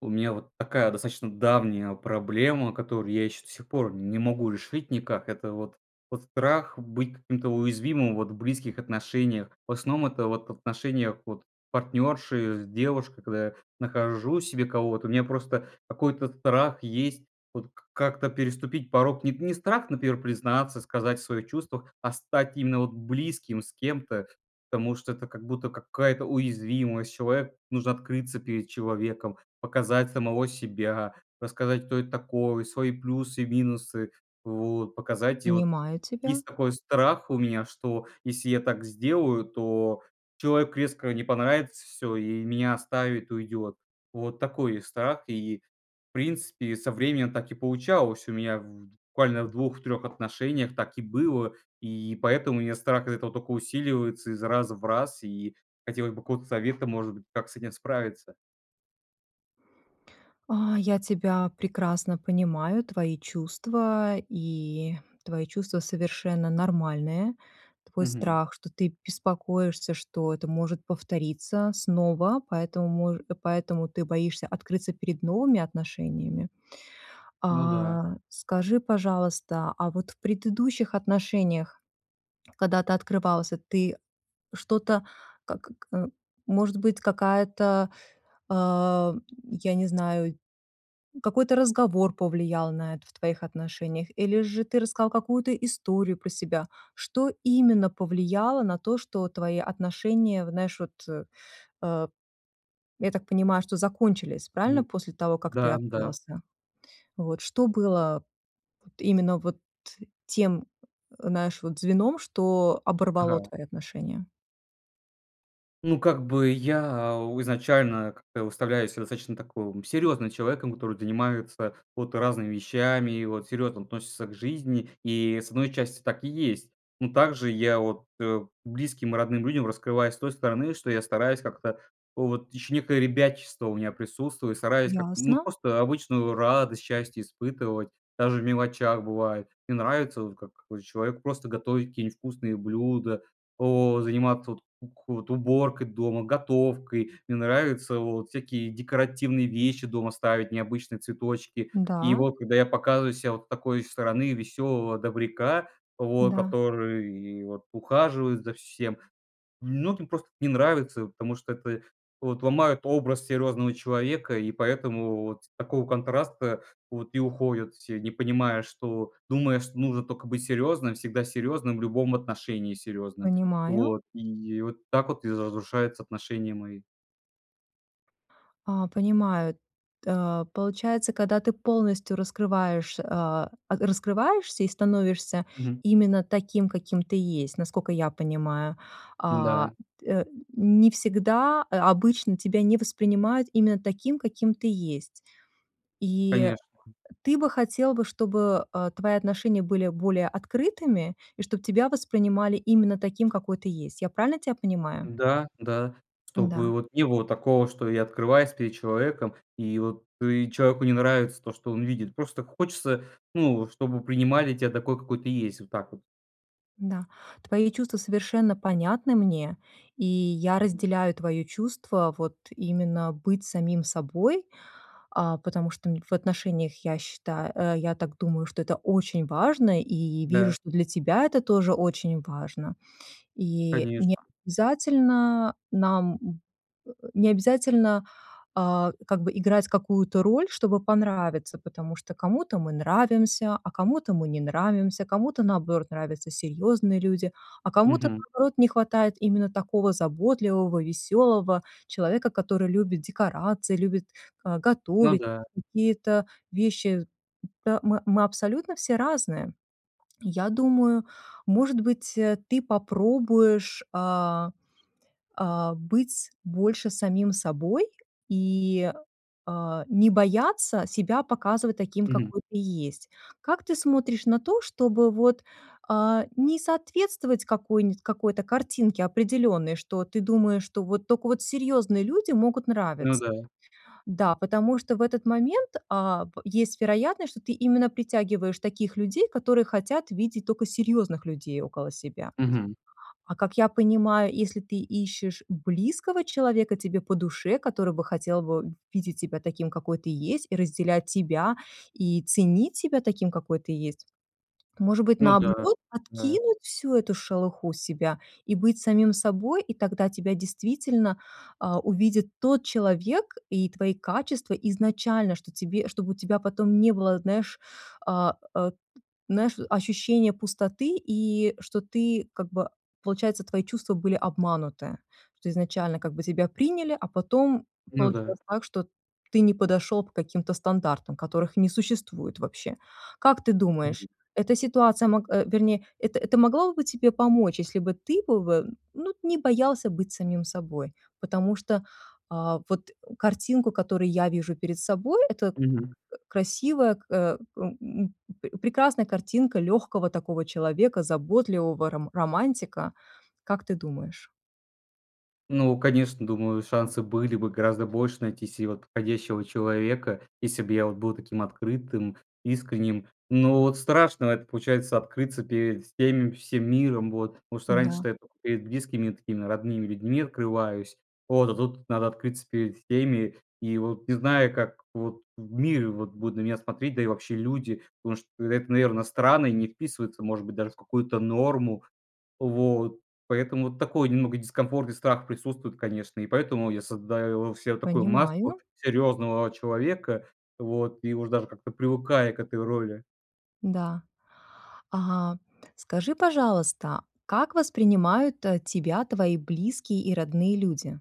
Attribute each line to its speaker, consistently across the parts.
Speaker 1: У меня вот такая достаточно давняя проблема, которую я ещё до сих пор не могу решить никак. Это вот вот страх быть каким-то уязвимым вот в близких отношениях. В основном это вот в отношениях вот партнёрши, с девушкой. Когда я нахожу себе кого-то, у меня просто какой-то страх есть вот как-то переступить порог. Не т не страх, например, признаться, сказать о своих чувствах, а стать именно вот близким с кем-то, потому что это как будто какая-то уязвимость, человек нужно открыться перед человеком, показать самого себя, рассказать, кто это такое, свои плюсы и минусы, вот. Показать, и вот
Speaker 2: Понимаю тебя.
Speaker 1: есть такой страх у меня, что если я так сделаю, то человеку резко не понравится, всё, и меня оставит, уйдёт. Вот такой страх. И, в принципе, со временем так и получалось. У меня буквально в 2-3 отношениях так и было, и поэтому у меня страх из-за этого только усиливается из раз в раз. И хотелось бы какого-то совета, может быть, как с этим справиться.
Speaker 2: А, я тебя прекрасно понимаю, твои чувства, и твои чувства совершенно нормальные. Твой
Speaker 1: Мгм.
Speaker 2: страх, что ты беспокоишься, что это может повториться снова, поэтому, мож и поэтому ты боишься открыться перед новыми отношениями.
Speaker 1: Ну да.
Speaker 2: А, скажи, пожалуйста, а вот в предыдущих отношениях, когда ты открывался, ты что-то как к э, может быть, какая-то, а, я не знаю, какой-то разговор повлиял на это в твоих отношениях, или же ты рассказал какую-то историю про себя, что именно повлияло на то, что твои отношения, вот знаешь, вот, э, э, я так понимаю, что закончились, правильно,
Speaker 1: Мгм.
Speaker 2: после того, как ты
Speaker 1: Да да.
Speaker 2: открылся? Вот что было вот именно вот тем, знаешь, вот звеном, что оборвало
Speaker 1: Ага.
Speaker 2: твои отношения?
Speaker 1: Ну, как бы я изначально как-то выставляю себя таким достаточно серьёзным человеком, который занимается вот разными вещами и вот серьёзно относится к жизни. И, с 1 части, так и есть. Ну, также я от э, близким и родным людям раскрываюсь с той стороны, что я стараюсь как-то вот ещё некое ребячество у меня присутствует, стараюсь как, ну,
Speaker 2: Ясно.
Speaker 1: просто обычную радость, счастье испытывать даже в мелочах бывает. Мне нравится вот, как какой-то человек, просто готовить какие-нибудь вкусные блюда, о заниматься от ку уборкой дома, готовкой. Мне нравится вот всякие декоративные вещи дома ставить, необычные цветочки. И
Speaker 2: Да.
Speaker 1: вот когда я показываю ся вот с такой стороны веселого добряка, вот
Speaker 2: Да.
Speaker 1: который вот ухаживает за всем, многим просто эт не нравится, потому что п э, вот ломают образ серьезного человека, и поэтому вот с такого контраста вот и уходят все, не понимая, что думая, что нужно только быть серьезным, всегда серьезным, в любом отношении серьезным.
Speaker 2: Понимаю.
Speaker 1: Вот, и вот так вот и за, разрушаются отношения мои.
Speaker 2: А, понимаю. Т получается, когда ты полностью раскрываешь, а, а, раскрываешься и становишься
Speaker 1: Мгм.
Speaker 2: именно таким, каким ты есть, насколько я понимаю. А,
Speaker 1: Да.
Speaker 2: т э, н не всегда, а обычно тебя не воспринимают именно таким, каким ты есть. И, э,
Speaker 1: Конечно.
Speaker 2: ты бы хотел бы, чтобы, а, твои отношения были более открытыми, и чтобы тебя воспринимали именно таким, какой ты есть. Я правильно тебя понимаю?
Speaker 1: Да да. Чтобы
Speaker 2: Да.
Speaker 1: вот не было такого, что я открываюсь перед человеком, и вот и человеку не нравится то, что он видит. Просто хочется, ну, чтобы принимали тебя такой, какой ты есть. Вот так вот.
Speaker 2: Да, твои чувства совершенно понятны мне, и я
Speaker 1: Мгм.
Speaker 2: разделяю твоё чувство, вот, именно быть самим собой, а, потому что, м, н в отношениях, я считаю, э, я так думаю, что это очень важно и вижу,
Speaker 1: Да.
Speaker 2: что для тебя это тоже очень важно. И не
Speaker 1: Конечно.
Speaker 2: обязательно нам, м, э, не обязательно, а, как бы играть какую-то роль, чтобы понравиться, потому что кому-то мы нравимся, а кому-то мы не нравимся. Кому-то, наоборот, нравятся серьёзные люди, а кому-то,
Speaker 1: Мгм.
Speaker 2: наоборот, не хватает именно такого заботливого, весёлого человека, который любит декорации, любит го
Speaker 1: Ну
Speaker 2: готовить
Speaker 1: да.
Speaker 2: какие-то вещи. Мы мы мы абсолютно все разные. И я думаю, может быть, э, ты попробуешь, а, а, быть больше самим собой и, а, не бояться себя показывать таким,
Speaker 1: Мгм.
Speaker 2: какой ты есть. Как ты смотришь на то, чтобы, вот, э, не соответствовать какой-нибудь, какой-то картинке определённой, что ты думаешь, что вот только вот серьезные люди могут
Speaker 1: Ну
Speaker 2: нравиться.
Speaker 1: да.
Speaker 2: Да, потому что в этот момент, а, б есть вероятность, что ты именно притягиваешь таких людей, которые хотят видеть только серьезных людей около себя.
Speaker 1: Мгм.
Speaker 2: А, как я понимаю, если ты ищешь близкого человека, тебе по душе, который бы хотел бы видеть себя таким, какой ты есть, и разделять тебя и ценить тебя таким, какой ты есть. Может быть,
Speaker 1: Ну да,
Speaker 2: наоборот,
Speaker 1: да.
Speaker 2: откинуть всю эту шелуху себя и быть самим собой, и тогда тебя действительно, а, увидит тот человек и твои качества изначально, что тебе чтобы у тебя потом не было, знаешь, а, э, знаешь, ощущения пустоты и что ты, как бы, получается, твои чувства были обмануты, что изначально, как бы, тебя приняли, а потом
Speaker 1: Ну да.
Speaker 2: получилось так, что ты не подошёл по каким-то стандартам, которых не существует вообще. Как ты думаешь,
Speaker 1: Мгм.
Speaker 2: эта ситуация мог э, вернее, это это могло бы тебе помочь, если бы ты бы вы, ну, не боялся быть самим собой. Потому что, э, вот, э, картинку, которую я вижу перед собой, это к
Speaker 1: Мгм.
Speaker 2: красивая, к э, эм, м, п прекрасная картинка лёгкого такого человека, заботливого ром романтика. Как ты думаешь?
Speaker 1: Ну, конечно, думаю, шансы были бы гораздо больше найти се вот подходящего человека, если бы я вот был таким открытым, искренним. Но вот страшно это, получается, открыться перед всеми, всем миром, вот. Потому что
Speaker 2: Да.
Speaker 1: раньше-то я тока перед близкими и такими родными людьми открываюсь. Вот, а тут надо открыться перед всеми. И вот, не зная, как вот в мире вот будут на меня смотреть, да и вообще люди. Потому что это, наверное, странно и не вписывается, может быть, даже в какую-то норму. Вот. Поэтому такой немного дискомфорт и страх присутствует, конечно. И поэтому я создаю се такую маску
Speaker 2: Понимаю.
Speaker 1: серьёзного человека. Вот. И уж даже как-то привыкаю к этой роли.
Speaker 2: Да. Ага. Скажи, пожалуйста, как воспринимают та тебя твои близкие и родные люди?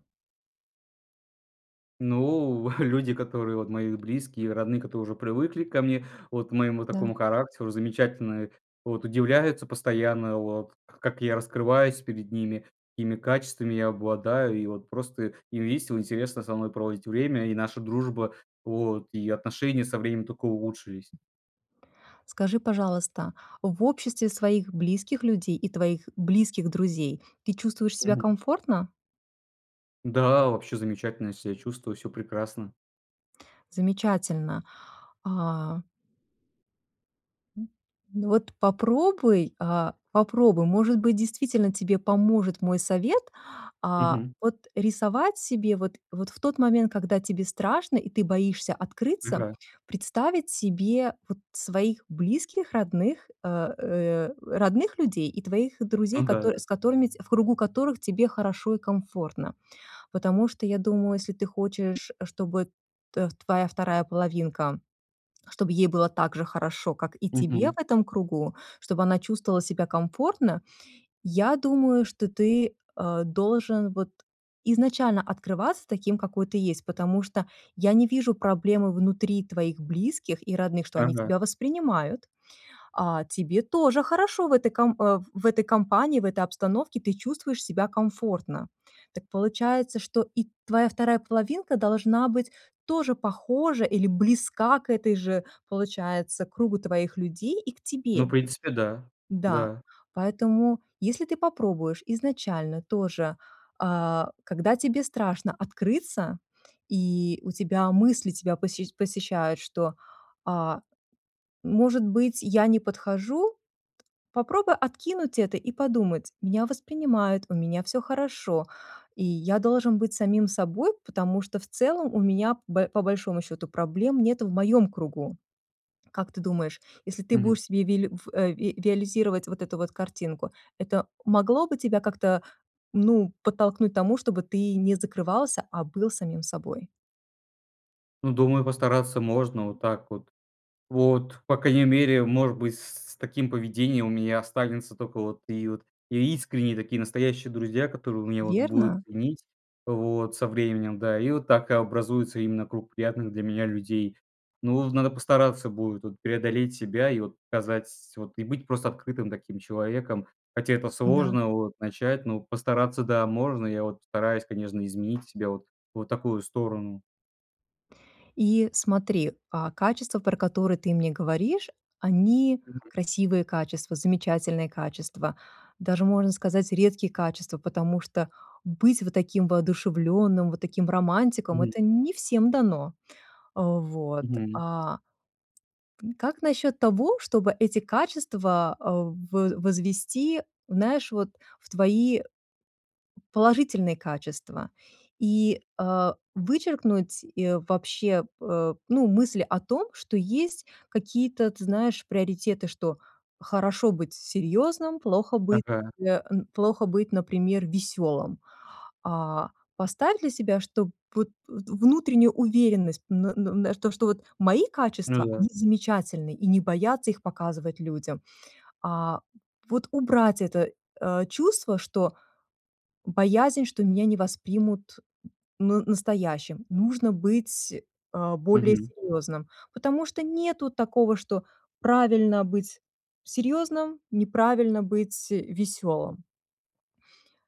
Speaker 1: Ну, люди, которые, вот, мои близкие, родные, которые уже привыкли ко мне, вот к моему такому
Speaker 2: Да.
Speaker 1: характеру, замечательное, вот, удивляются постоянно, вот, к как я раскрываюсь перед ними, какими качествами я обладаю. И, вот, просто им весело, интересно со мной проводить время. И наша дружба, вот, и отношения со временем тока улучшились.
Speaker 2: Скажи, пожалуйста, в обществе своих близких людей и твоих близких друзей ты чувствуешь себя
Speaker 1: Мгм.
Speaker 2: комфортно?
Speaker 1: Да, вообще замечательно я ся чувствую, всё прекрасно.
Speaker 2: Замечательно. А Ну, вот попробуй, а? Попробуй. Может быть, действительно тебе поможет мой совет. А,
Speaker 1: Мгм.
Speaker 2: вот рисовать себе, вот, вот в тот момент, когда тебе страшно и ты боишься открыться,
Speaker 1: Ага.
Speaker 2: представить себе вот своих близких, родных, э, э, родных людей и твоих друзей,
Speaker 1: Ну да.
Speaker 2: котор с которыми, ть в кругу которых тебе хорошо и комфортно. Потому что я думаю, если ты хочешь, чтобы тэ твоя вторая половинка, чтобы ей было так же хорошо, как и тебе
Speaker 1: Мгм.
Speaker 2: в этом кругу, чтобы она чувствовала себя комфортно, я думаю, что ты, э, должен вот изначально открываться таким, какой ты есть, потому что я не вижу проблемы внутри твоих близких и родных, что они
Speaker 1: Ага.
Speaker 2: тебя воспринимают. А тебе тоже хорошо в этой ком э, в этой компании, в этой обстановке ты чувствуешь себя комфортно. Так получается, что и твоя вторая половинка должна быть тоже похожа или близка к этой же, получается, кругу твоих людей и к
Speaker 1: Ну, в
Speaker 2: тебе.
Speaker 1: принципе, да.
Speaker 2: Да,
Speaker 1: Да.
Speaker 2: поэтому если ты попробуешь изначально тоже, а, когда тебе страшно открыться, и у тебя мысли тебя посещ посещают, что: "А, может быть, я не подхожу?" Попробуй откинуть это и подумать: "Меня воспринимают, у меня всё хорошо, и я должен быть самим собой, потому что в целом у меня, б по большому счету, проблем нету в моем кругу". Как ты думаешь, если ты
Speaker 1: Мгм.
Speaker 2: будешь себе вили ф э, виализировать вот эту вот картинку, это могло бы тебя как-то, ну, подтолкнуть к тому, чтобы ты не закрывался, а был самим собой?
Speaker 1: Ну, думаю, постараться можно вот так вот. Вот, по крайней мере, может быть, с с таким поведением у меня останутся только вот и вот искренние, настоящие друзья, которые меня вот будут
Speaker 2: Верно?
Speaker 1: ценить вот со временем, да. И вот так образуется именно круг приятных для меня людей. Ну вот, надо постараться будет вот преодолеть себя и вот показать вот и быть просто открытым таким человеком. Хотя это
Speaker 2: Да.
Speaker 1: сложно вот начать, но постараться, да, можно. Я вот постараюсь, конечно, изменить себя вот вот в такую сторону.
Speaker 2: И смотри, а, качества, про которые ты мне говоришь, они
Speaker 1: Мгм.
Speaker 2: красивые качества, замечательные качества, даже можно сказать, редкие качества, потому что быть вот таким воодушевленным, вот таким романтиком-
Speaker 1: Мгм.
Speaker 2: это не всем дано, а. Вот,
Speaker 1: Мгм.
Speaker 2: а как насчет того, чтобы эти качества а, в возвести, знаешь, вот в твои положительные качества? И, а, вычеркнуть и вообще, п э, ну, мысль о том, что есть какие-то, ты знаешь, приоритеты, что хорошо быть серьёзным, плохо быть,
Speaker 1: Ага.
Speaker 2: э, н плохо быть, например, весёлым. А, поставь для себя, что вот вт внутреннюю уверенность, м, на, на то, что вот мои
Speaker 1: Ну
Speaker 2: качества,
Speaker 1: да.
Speaker 2: они замечательны, и не бояться их показывать людям. А, вот убрать это, э, чувство, что боязнь, что меня не воспримут н настоящим, нужно быть, а, более
Speaker 1: Мгм.
Speaker 2: серьёзным, потому что нету такого, что правильно быть серьёзным, неправильно быть, э, весёлым.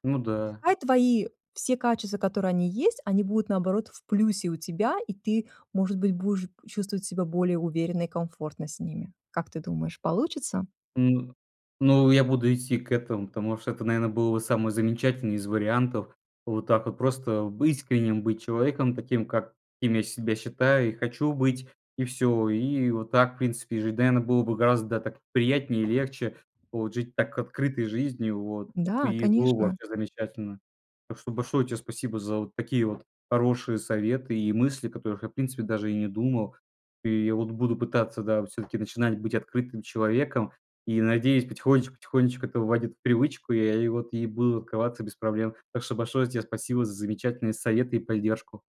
Speaker 1: Ну да.
Speaker 2: Пускай твои все качества, которые они есть, они будут наоборот в плюсе у тебя, и ты, может быть, будешь чувствовать себя более уверенно и комфортно с ними. Как ты думаешь, получится?
Speaker 1: Ну, ну, я буду идти к этому, потому что это, наверное, было бы самый замечательный из вариантов. Вот так вот просто быть искренним, быть человеком таким, каким я себя считаю и хочу быть. И всё. И вот так, в принципе, жить, наверно, было бы гораздо так приятнее и легче, вот жить так открытой жизнью вот.
Speaker 2: Да,
Speaker 1: И было
Speaker 2: конечно.
Speaker 1: вообще замечательно. Так что большое тебе спасибо за вот такие вот хорошие советы и мысли, о которых я, в принципе, даже и не думал. И я вот буду пытаться, да, всё-таки начинать быть открытым человеком и, надеюсь, потихонечку потихонечку это войдет в привычку, и я вот и буду открываться без проблем. Так что большое тебе спасибо за замечательные советы и поддержку.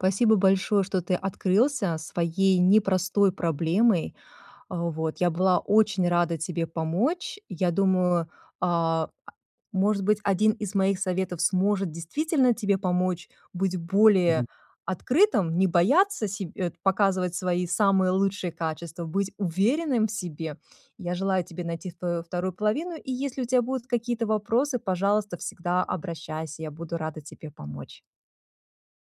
Speaker 2: Спасибо большое, что ты открылся своей непростой проблемой, а. Вот, я была очень рада тебе помочь. Я думаю, а, может быть, 1 из моих советов сможет действительно тебе помочь быть более
Speaker 1: Мгм.
Speaker 2: открытым, не бояться себ э, показывать свои самые лучшие качества, быть уверенным в себе. Я желаю тебе найти свою вторую половину, и, если у тебя будут какие-то вопросы, пожалуйста, всегда обращайся, я буду рада тебе помочь.